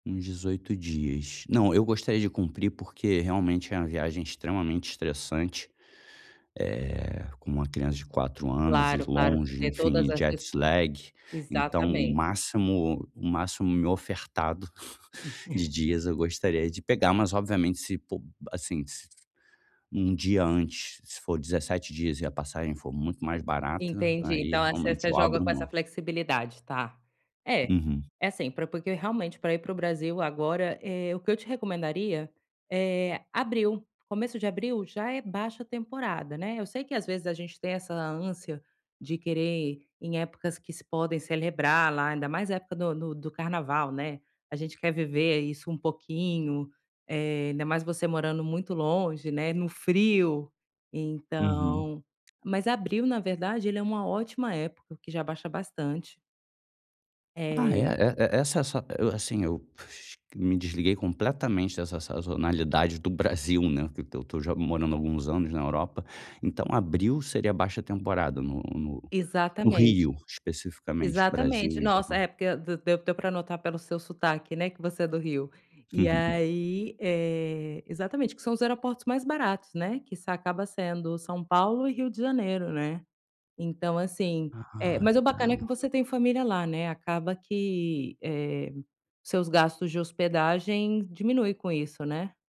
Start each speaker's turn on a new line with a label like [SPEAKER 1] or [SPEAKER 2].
[SPEAKER 1] Uns 18 dias. Não, eu gostaria de cumprir, porque realmente é uma viagem extremamente estressante, eh, com uma criança de 4 anos e
[SPEAKER 2] Claro, claro,
[SPEAKER 1] longe,
[SPEAKER 2] ter
[SPEAKER 1] enfim,
[SPEAKER 2] todas as
[SPEAKER 1] jet
[SPEAKER 2] dis.
[SPEAKER 1] slag. Então, o
[SPEAKER 2] Exatamente.
[SPEAKER 1] máximo o máximo me ofertado de
[SPEAKER 2] [unintelligible]
[SPEAKER 1] dias eu gostaria de pegar, mas obviamente, se, po, assim, s-se um dia antes, se for 17 dias e a passagem for muito mais barata,
[SPEAKER 2] Entendi,
[SPEAKER 1] aí,
[SPEAKER 2] então, essa -ess
[SPEAKER 1] realmente,
[SPEAKER 2] você
[SPEAKER 1] eu
[SPEAKER 2] joga
[SPEAKER 1] abro
[SPEAKER 2] com essa
[SPEAKER 1] mão.
[SPEAKER 2] flexibilidade, tá. É.
[SPEAKER 1] Uhum.
[SPEAKER 2] É, assim, porque, realmente, pra ir pro Brasil agora, eh, o que eu te recomendaria, eh, abril, começo de abril já é baixa temporada, né. Eu sei, que, às vezes, a gente tem essa ânsia de querer ir em épocas que se podem celebrar lá, ainda mais época do do do carnaval, né. A gente quer viver isso um pouquinho. Eh, ainda mais você morando muito longe, né, no frio,
[SPEAKER 1] Uhum.
[SPEAKER 2] então mas, abril, na verdade, ele é uma ótima época, porque já abaixa bastante.
[SPEAKER 1] Ah é. E
[SPEAKER 2] É.
[SPEAKER 1] e e essa-sa, eh, assim, eu me desliguei completamente dessa sazonalidade do Brasil, né, porque eu estou morando alguns anos na Europa. Então, abril seria baixa temporada no no
[SPEAKER 2] Exatamente.
[SPEAKER 1] Rio, especificamente, Brasil
[SPEAKER 2] Exatamente.
[SPEAKER 1] em
[SPEAKER 2] Nossa,
[SPEAKER 1] geral.
[SPEAKER 2] é porque d-deu deu pra notar pelo seu sotaque, né, que você é do Rio, e aí, eh, exatamente que são os aeroportos mais baratos, né que acaba sendo São Paulo e Rio de Janeiro, né. Então, assim, eh,
[SPEAKER 1] Ah,
[SPEAKER 2] mas o bacana
[SPEAKER 1] então
[SPEAKER 2] é que você tem família lá né, acaba que, eh, seus gastos de hospedagem diminui com isso, né.